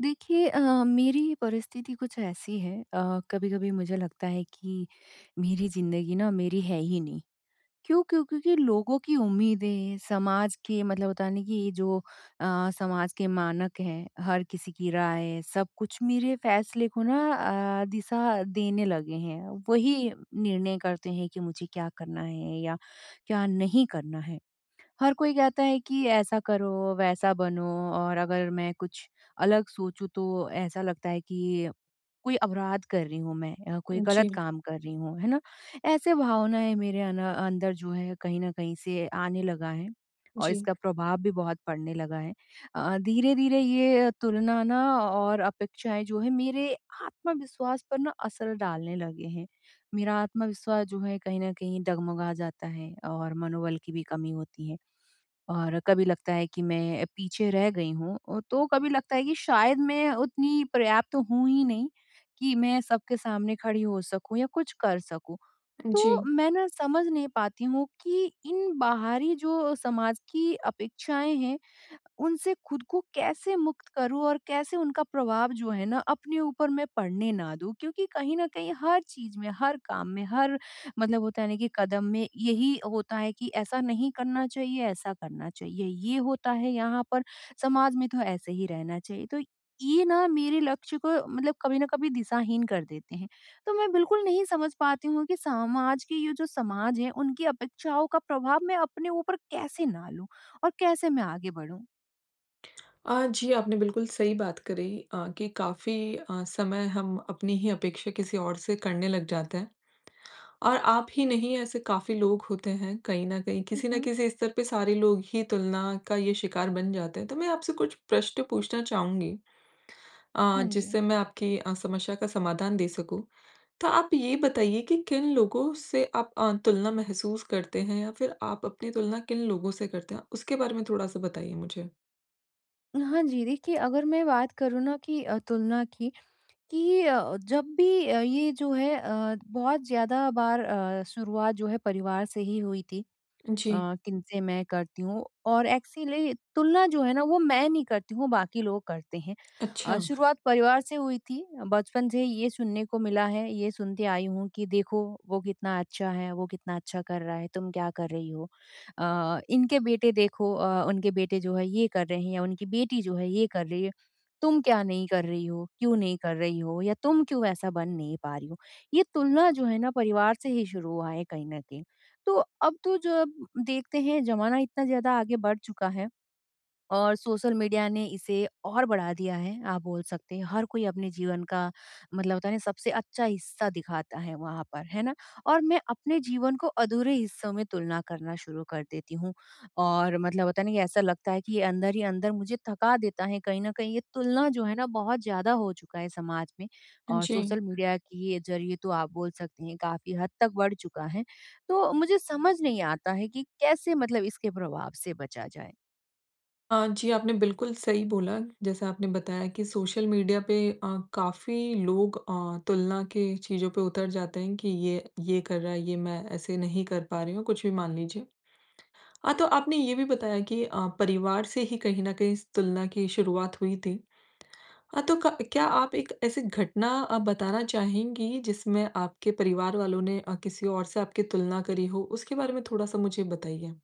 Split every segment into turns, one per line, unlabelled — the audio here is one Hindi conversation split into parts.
देखिए अ, मेरी परिस्थिति कुछ ऐसी है अ, कभी-कभी मुझे लगता है कि मेरी ज़िन्दगी ना मेरी है ही नहीं। क्यों क्यों, क्योंकि लोगों की उम्मीदें समाज के मतलब होता है ना, कि जो अ, समाज के मानक हैं हर किसी की राय सब कुछ मेरे फैसले को ना अ, दिशा देने लगे हैं। वही निर्णय करते हैं कि मुझे क्या करना है या क्या नहीं करना है। हर कोई कहता है कि ऐसा करो, वैसा बनो और अगर मैं कुछ अलग सोचूँ तो ऐसा लगता है कि कोई अपराध कर रही हूँ मैं अ, कोई
उ,
ग़लत
जी।
काम कर रही हूँ, है ना। ऐसे भावनाएँ मेरे अं अंदर जो है कहीं न कहीं से आने लगा है। और
जी।
इसका प्रभाव भी बहुत पड़ने लगा है। अ, धीरे-धीरे ये तुलना ना और अपेक्षाएँ जो है मेरे आत्मविश्वास पर ना असर डालने लगे हैं। मेरा आत्मविश्वास जो है कहीं न कहीं डगमगा जाता है और मनोबल की भी कमी होती है और कभी लगता है कि मैं पीछे रह गई हूँ अ, तो कभी लगता है कि शायद मैं उतनी पर्याप्त हूँ ही नहीं कि मैं सबके सामने खड़ी हो सकूँ या कुछ कर सकूँ।
अ,
तो
जी।
मैं ना समझ नहीं पाती हूँ कि इन बाहरी जो समाज की अपेक्षाएँ हैं उनसे खुद को कैसे मुक्त करूँ और कैसे उनका प्रभाव जो है ना अपने ऊपर मैं पढ़ने ना दूँ? क्योंकि कहीं न कहीं हर चीज़ में, हर काम में, हर मतलब होता है ना कि कदम में यही होता है कि ऐसा नहीं करना चाहिए, ऐसा करना चाहिए। ये होता है यहाँ पर समाज में तो ऐसे ही रहना चाहिए। तो ये ना मेरे लक्ष्य को मतलब कभी न कभी दिशाहीन कर देते हैं। तो मैं बिल्कुल नहीं समझ पाती हूँ कि सामाज के ये जो समाज है उनकी अपेक्षाओं का प्रभाव मैं अपने ऊपर कैसे ना लूँ और कैसे मैं आगे बढ़ूँ?
अ, जी आपने बिल्कुल सही बात करी अ, कि काफ़ी अ, समय हम अपनी ही अपेक्षा किसी और से करने लग जाते हैं। और आप ही नहीं ऐसे काफ़ी लोग होते हैं कहीं न कहीं
हुँ,
किसी न
हुँ।
किसी स्तर पे सारे लोग ही तुलना का ये शिकार बन जाते हैं। तो मैं आपसे कुछ प्रश्न पूछना चाहूँगी अ,
हाँ जी।
जिससे मैं आपकी अ, समस्या का समाधान दे सकूँ। तो आप ये बताइए कि, किन लोगों से आप अ, तुलना महसूस करते हैं या फिर आप अपनी तुलना किन लोगों से करते हैं उसके बारे में थोड़ा-सा बताइए मुझे?
हाँ जी, देखिए अगर मैं बात करूँ ना कि अ, तुलना की कि अ, जब भी अ, ये जो है अ, बहुत ज़्यादा बार अ, शुरुआत जो है परिवार से ही हुई थी।
जी।
अ, किन से मैं करती हूँ और एक्चुअली तुलना जो है ना वो मैं नहीं करती हूँ बाकी लोग करते हैं अ,
अच्छा।
शुरुआत परिवार से हुई थी। बचपन से ये सुनने को मिला है ये सुनती आई हूँ कि देखो वो कितना अच्छा है वो कितना अच्छा कर रहा है तुम क्या कर रही हो? अ, इनके बेटे देखो अ, उनके बेटे जो है ये कर रहे हैं या उनकी बेटी जो है ये कर रही है। तुम क्या नहीं कर रही हो क्यों नहीं कर रही हो या तुम क्यों ऐसा बन नहीं पा रही हो ये तुलना जो है ना परिवार से ही शुरू हुआ है कहीं न कहीं। तो अब तो जब देखते हैं ज़माना इतना ज़्यादा आगे बढ़ चुका है और सोशल मीडिया ने इसे और बढ़ा दिया है आप बोल सकते हर कोई अपने जीवन का मतलब होता है ना, सबसे अच्छा हिस्सा दिखाता है वहाँ पर, है ना? और मैं अपने जीवन को अधूरे हिस्सों में तुलना करना शुरू कर देती हूँ और मतलब होता है ना ऐसा लगता है कि ये अंदर ही अंदर मुझे थका देता है कहीं न कहीं ये तुलना जो है ना बहुत ज़्यादा हो चुका है समाज में और
जी।
सोशल मीडिया के ज़रिए तो आप बोल सकते हैं काफ़ी हद तक बढ़ चुका है तो मुझे समझ नहीं आता है कि कैसे मतलब इसके प्रभाव से बचा जाए?
अ, जी। आपने बिल्कुल सही बोला। जैसा आपने बताया कि सोशल मीडिया पे अ, काफ़ी लोग अ, तुलना के चीज़ों पे उतर जाते हैं। कि ये ये कर रहा है। ये मैं ऐसे नहीं कर पा रही हूँ। कुछ भी मान लीजिए। हाँ तो आपने ये भी बताया कि अ, परिवार से ही कहीं न कहीं इस तुलना की शुरुआत हुई थी। हाँ, तो क क्या आप एक ऐसी घटना अ, बताना चाहेंगी, जिसमें आपके परिवार वालों ने अ, किसी और से आपकी तुलना करी हो? उसके बारे में थोड़ा-सा मुझे बताइए?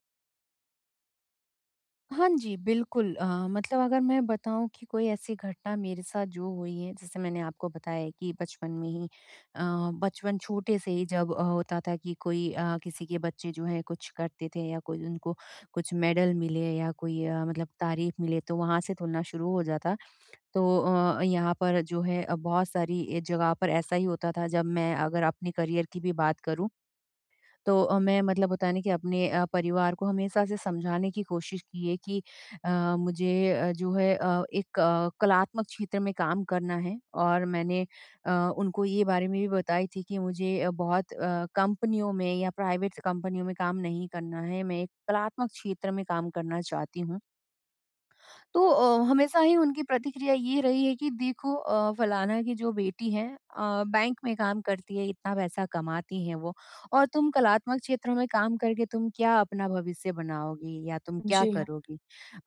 हाँ जी, बिल्कुल। अ, मतलब अगर मैं बताऊँ कि कोई ऐसी घटना मेरे साथ जो हुई हैं। जैसे मैंने आपको बताया है कि बचपन में ही अ, बचपन छोटे से ही जब अ, होता था कि कोई अ, किसी के बच्चे जो हैं कुछ करते थे या कोई उनको कुछ मेडल मिले या कोई अ, मतलब तारीफ़ मिले तो वहाँ से तुलना शुरू हो जाता। तो अ, यहाँ पर जो है अ, बहुत सारी ए जगह पर ऐसा ही होता था। जब मैं अगर अपने करियर की भी बात करूँ। तो अ, मैं मतलब होता है ना कि अपने अ, परिवार को हमेशा से समझाने की कोशिश की है कि अ, मुझे जो है अ, एक अ, कलात्मक क्षेत्र में काम करना है। और मैंने अ, उनको ये बारे में भी बताई थी कि मुझे बहुत अ, कंपनियों में या प्राइवेट्स कंपनियों में काम नहीं करना है। मैं एक कलात्मक क्षेत्र में काम करना चाहती हूँ। तो अ, हमेशा ही उनकी प्रतिक्रिया ये रही है कि देखो अ, फलाना की जो बेटी है, अ, बैंक में काम करती है, इतना पैसा कमाती है वो। और तुम कलात्मक क्षेत्रों में काम करके तुम क्या अपना भविष्य बनाओगी? या तुम क्या
जी हाँ।
करोगी?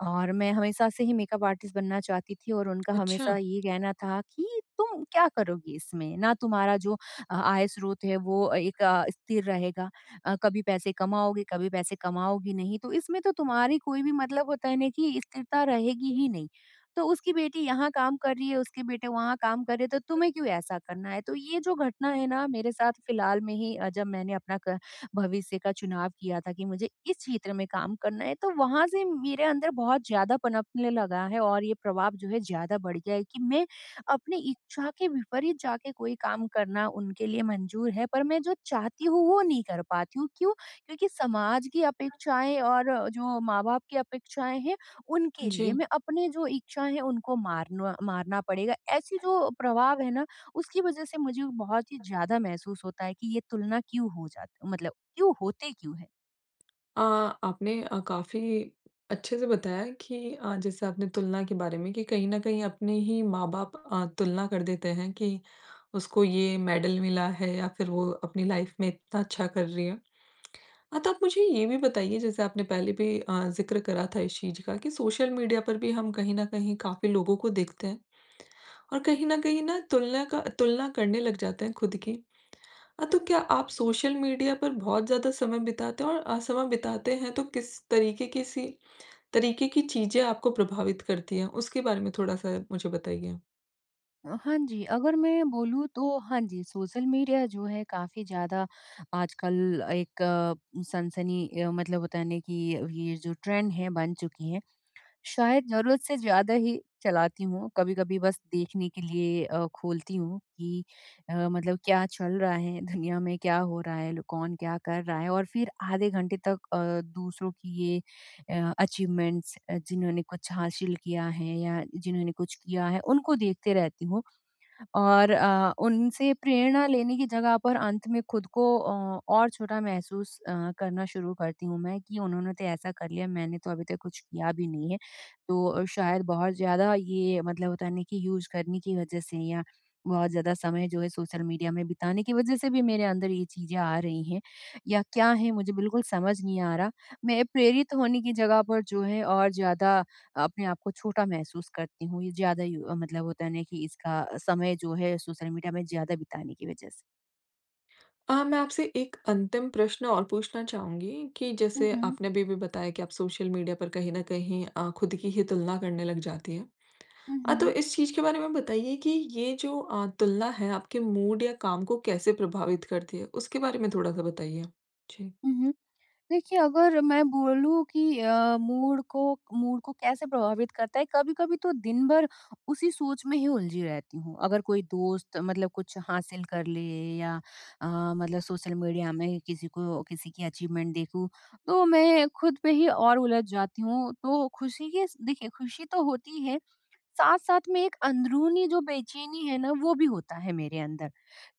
और मैं हमेशा से ही मेकअप आर्टिस्ट बनना चाहती थी। और उनका हमेशा
अच्छा।
ये कहना था कि तुम क्या करोगी इसमें? ना तुम्हारा जो अ, आय स्रोत है वो एक अ, स्थिर रहेगा। अ, कभी पैसे कमाओगे, कभी पैसे कमाओगे नहीं। तो इसमें तो तुम्हारी कोई भी मतलब होता है ना कि स्थिरता रहेगी
इ
ही नहीं। तो उसकी बेटी यहाँ काम कर रही है, उसके बेटे वहाँ काम कर रहे हैं तो तुम्हें क्यों ऐसा करना है? तो
[unintelligible]
ये जो घटना है ना, मेरे साथ फिलहाल में ही अ, जब मैंने अपना क भविष्य का चुनाव किया था कि मुझे इस क्षेत्र में काम करना है, तो वहाँ से मेरे अंदर बहुत ज़्यादा पनपने लगा है और ये प्रभाव जो है ज़्यादा बढ़ गया है। कि मैं अपनी इच्छा के विपरीत जाके कोई काम करना उनके लिए मंज़ूर है। पर मैं जो चाहती हूँ वो नहीं कर पाती हूँ। क्यूँ? क्योंकि समाज की
[unintelligible]
अपेक्षाएँ और जो माँ-बाप की अपेक्षाएँ हैं उनके लिए
जी।
मैं अपने जो इच्छाएँ हैं उनको मारनो मारना पड़ेगा। ऐसी
[unintelligible]
जो प्रभाव है ना उसकी वज़ह से मुझे बहुत ही ज़्यादा महसूस होता है कि ये तुलना क्यों हो जात मतलब क्यों होते क्यों है?
अ, आपने अ, काफ़ी अच्छे से बताया कि अ, जैसे आपने तुलना के बारे में कि कहीं न कहीं अपने ही माँ बाप अ, तुलना कर देते हैं कि उसको ये मेडल मिला है या फिर वो अपनी लाइफ़ में इतना अच्छा कर रही है। हाँ, तो आप मुझे ये भी बताइए जैसे आपने पहले भी अ, ज़िक्र करा था इस चीज़ का कि सोशल मीडिया पर भी हम कहीं न कहीं काफ़ी लोगों को देखते हैं और कहीं न कहीं ना तुलना का तुलना करने लग जाते हैं खुद की। हाँ, तो क्या आप सोशल मीडिया पर बहुत ज़्यादा समय बिताते हैं और अ, समय बिताते हैं तो किस तरीके की सी तरीके की चीज़े आपको प्रभावित करती है, उसके बारे में थोड़ा-सा मुझे बताइए?
अ, हाँ जी, अगर मैं बोलूँ तो हाँ जी, सोशल मीडिया जो है काफ़ी ज़्यादा आजकल एक सनसनी अ, मतलब बताने की ये जो ट्रेंड है बन चुकी है। शायद ज़रूरत से ज़्यादा ही चलाती हूँ, कभी-कभी बस देखने के लिए अ, खोलती हूँ कि अ, मतलब क्या चल रहा है दुनिया में क्या हो रहा है? लो कौन क्या कर रहा है? और फिर आधे घंटे तक अ, दूसरों की ये अचीवमेंट्स जिन्होंने कुछ हासिल किया है या जिन्होंने कुछ किया है, उनको देखते रहती हूँ और अ, उनसे प्रेरणा लेने की जगह पर अंत में खुद को ओ और छोटा महसूस अ, करना शुरू करती हूँ मैं कि उन्होंने तो ऐसा कर लिया, मैंने तो अभी तक कुछ किया भी नहीं है। तो शायद बहुत ज़्यादा ये मतलब होता नहीं कि यूज़ करने की वज़ह से या बहुत ज़्यादा समय जो है सोशल मीडिया में बिताने की वज़ह से भी मेरे अंदर ये चीज़ें आ रही हैं या क्या है मुझे बिल्कुल समझ नहीं आ रहा। मैं प्रेरित होने की जगह पर जो है और ज़्यादा अपने आप को छोटा महसूस करती हूँ, ये ज़्यादा यू मतलब होता है ना कि इसका समय जो है सोशल मीडिया में ज़्यादा बिताने की वज़ह से।
अ, मैं आपसे एक अंतिम प्रश्न और पूछना चाहूँगी कि
हुँ,
जैसे
हुँ।
आपने अभी-अभी बताया कि आप सोशल मीडिया पर कहीं न कहीं अ, ख़ुद की ही तुलना करने लग जाती हैं।
हुँ,
अ, तो
हुँ।
इस चीज़ के बारे में बताइए कि ये जो अ, तुलना है आपके मूड या काम को कैसे प्रभावित करती है? उसके बारे में थोड़ा-सा बताइए। जी।
हुँ, हुँ। देखिए, अगर मैं बोलूँ कि अ, मूड को मूड को कैसे प्रभावित करता है, कभी-कभी तो दिन भर उसी सोच में ही उलझी रहती हूँ। अगर कोई दोस्त मतलब कुछ हासिल कर ले या अ, मतलब सोशल मीडिया में ही किसी को किसी की अचीवमेंट देखूँ तो मैं ख़ुद पे ही और उलझ जाती हूँ, तो ख़ुशी के इस देखिए ख़ुशी तो होती है। साथ-साथ में एक अंदरूनी जो बेचैनी है ना वो भी होता है मेरे अंदर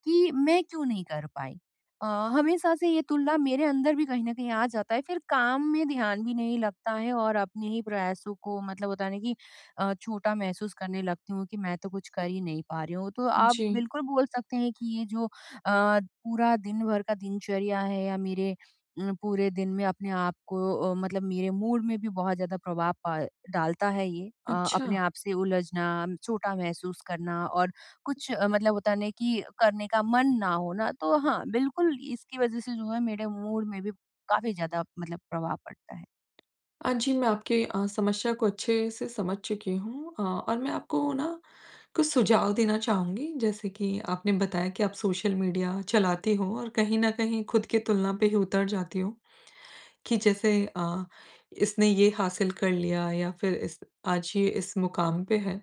कि मैं क्यों नहीं कर पाई? अ, हमेशा से ये तुलना मेरे अंदर भी कहीं न कहीं आ जाता है फिर काम में ध्यान भी नहीं लगता है और अपने ही प्रयासों को मतलब होता नहीं कि अ, छोटा महसूस करने लगती हूँ कि मैं तो कुछ कर ही नहीं पा रही हूँ, तो आप
जी।
बिल्कुल बोल सकते हैं कि ये जो अ, पूरा दिन भर का दिनचर्या है या मेरे अम, पूरे दिन में अपने आप को अ, मतलब मेरे मूड में भी बहुत ज़्यादा प्रभाव प डालता है ये। अ, अपने
अच्छा।
आप से उलझना, छोटा महसूस करना और कुछ मतलब होता है ना कि करने का मन ना होना। तो हाँ, बिल्कुल इसकी वजह से जो है मेरे मूड में भी काफ़ी ज़्यादा मतलब प्रभाव पड़ता है।
अ, जी, मैं आपके अ, समस्या को अच्छे से समझ चुकी हूँ अ, और मैं आपको ना कुछ सुझाव देना चाहूँगी। जैसे कि आपने बताया कि आप सोशल मीडिया चलाती हो और कहीं न कहीं खुद की तुलना पे ही उतर जाती हो कि जैसे अ, इसने ये हासिल कर लिया या फिर इस आज ये इस मुकाम पे है।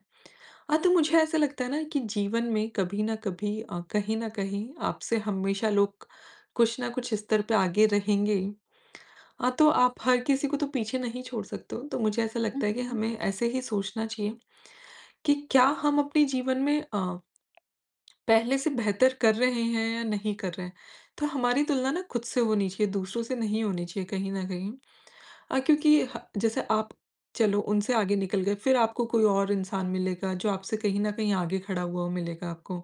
हाँ, तो मुझे ऐसा लगता है ना कि जीवन में कभी न कभी अ, कहीं न कहीं आपसे हमेशा लोग कुछ न कुछ स्तर पर आगे रहेंगे ही। हाँ, तो आप हर किसी को तो पीछे नहीं छोड़ सकते हो। तो मुझे ऐसा
हुँ,
लगता है कि
हुँ।
हमें ऐसे ही सोचना चाहिए कि क्या हम अपने जीवन में अ, पहले से बेहतर कर रहे हैं या नहीं कर रहे हैं? तो हमारी तुलना ना खुद से होनी चाहिए, दूसरों से नहीं होनी चाहिए कहीं न कहीं अ, क्योंकि ह जैसे आप चलो उनसे आगे निकल गए, फिर आपको कोई और इंसान मिलेगा जो आपसे कहीं न कहीं आगे खड़ा हुआ मिलेगा आपको।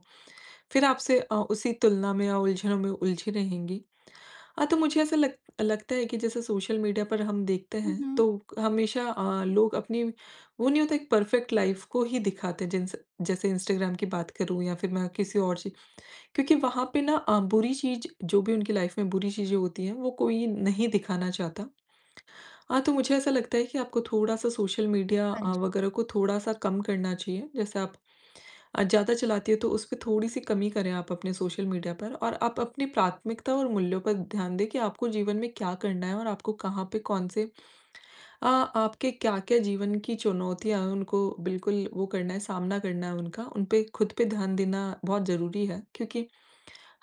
फिर आपसे अ, उसी तुलना में या उलझनो में उलझी रहेंगी, हाँ तो मुझे ऐसा लग लगता है कि जैसे सोशल मीडिया पर हम देखते
हुँ,
हैं
हुँ।
तो हमेशा अ, लोग अपनी वो नहीं होता एक परफ़ेक्ट लाइफ़ को ही दिखाते हैं, जिनसे जैसे इंस्टाग्राम की बात करूँ या फिर मैं किसी और ची क्योंकि वहाँ पे ना अ, बुरी चीज़ जो भी उनकी लाइफ में बुरी चीज़ें होती हैं, वो कोई नहीं दिखाना चाहता। हाँ, तो मुझे ऐसा लगता है कि आपको थोड़ा-सा सोशल मीडिया
हाँ
अ,
जी।
वग़ैरह को थोड़ा-सा कम करना चाहिए, जैसे आप अ, ज़्यादा चलाती है, तो उसपे थोड़ी-सी कमी करें आप अपने सोशल मीडिया पर और आप अपनी प्राथमिकता और मूल्यों पे ध्यान दें कि आपको जीवन में क्या करना है? और आपको कहाँ पे कौन-से अ, आपके क्या-क्या जीवन की चुनौतियाँ हैं? उनको बिल्कुल वो करना है, सामना करना है उनका, उनपे खुद पे ध्यान देना बहुत ज़रूरी है क्योंकि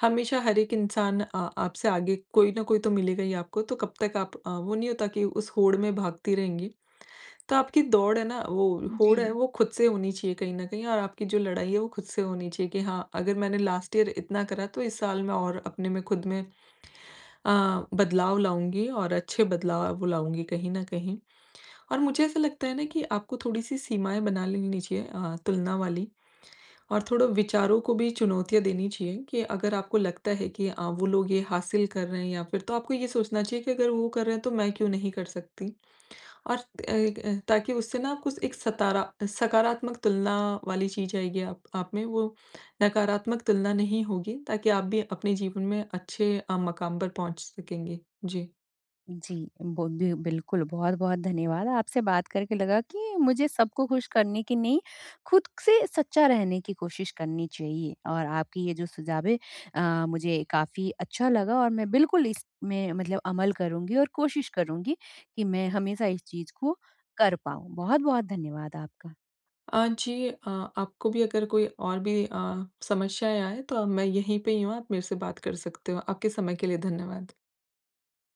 हमेशा हर एक इंसान अ, आप से आगे कोई न कोई तो मिलेगा ही आपको। तो कब तक आप अ, वो नहीं होता कि उस होड़ में भागती रहेंगी? तो आपकी दौड़ है ना वो होड़ है
जी।
वो खुद से होनी चाहिए कहीं न कहीं और आपकी जो लड़ाई है, वो खुद से होनी चाहिए कि हाँ, अगर मैंने लास्ट ईयर इतना करा, तो इस साल में और अपने में खुद में अ, बदलाव लाऊँगी और अच्छे बदलाव वो लाऊँगी। कहीं न कहीं और मुझे ऐसा लगता है ना कि आपको थोड़ी सी सीमाएँ बना लेनी चाहिए अ, तुलना वाली और थोड़ा विचारों को भी चुनौतियाँ देनी चाहिए कि अगर आपको लगता है कि अ, वो लोग ये हासिल कर रहे हैं या फिर तो आपको ये सोचना चाहिए कि अगर वो कर रहे हैं तो मैं क्यों नहीं कर सकती? और एगए ताकि उससे ना कुछ एक सतारा सकारात्मक तुलना वाली चीज़ आएगी आप आप, में वो नकारात्मक तुलना नहीं होगी ताकि आप भी अपने जीवन में अच्छे अ, मकाम पर पहुँच सकेंगे। जी।
जी, बोदय बिल्कुल बहुत-बहुत धन्यवाद, आपसे बात करके लगा कि मुझे सबको ख़ुश करने की नहीं, खुद से सच्चा रहने की कोशिश करनी चाहिए। और आपकी ये जो सुझावे है अ, मुझे काफ़ी अच्छा लगा और मैं बिल्कुल इसमें मतलब अमल करूँगी और कोशिश करूँगी कि मैं हमेशा इस चीज़ को कर पाऊँ। बहुत-बहुत धन्यवाद आपका।
अ, जी। अ, आपको भी अगर कोई और भी अ, समस्याएँ आए तो अब मैं यहीं पे ही हूँ। आप मेरे से बात कर सकते हो। आपके समय के लिए धन्यवाद।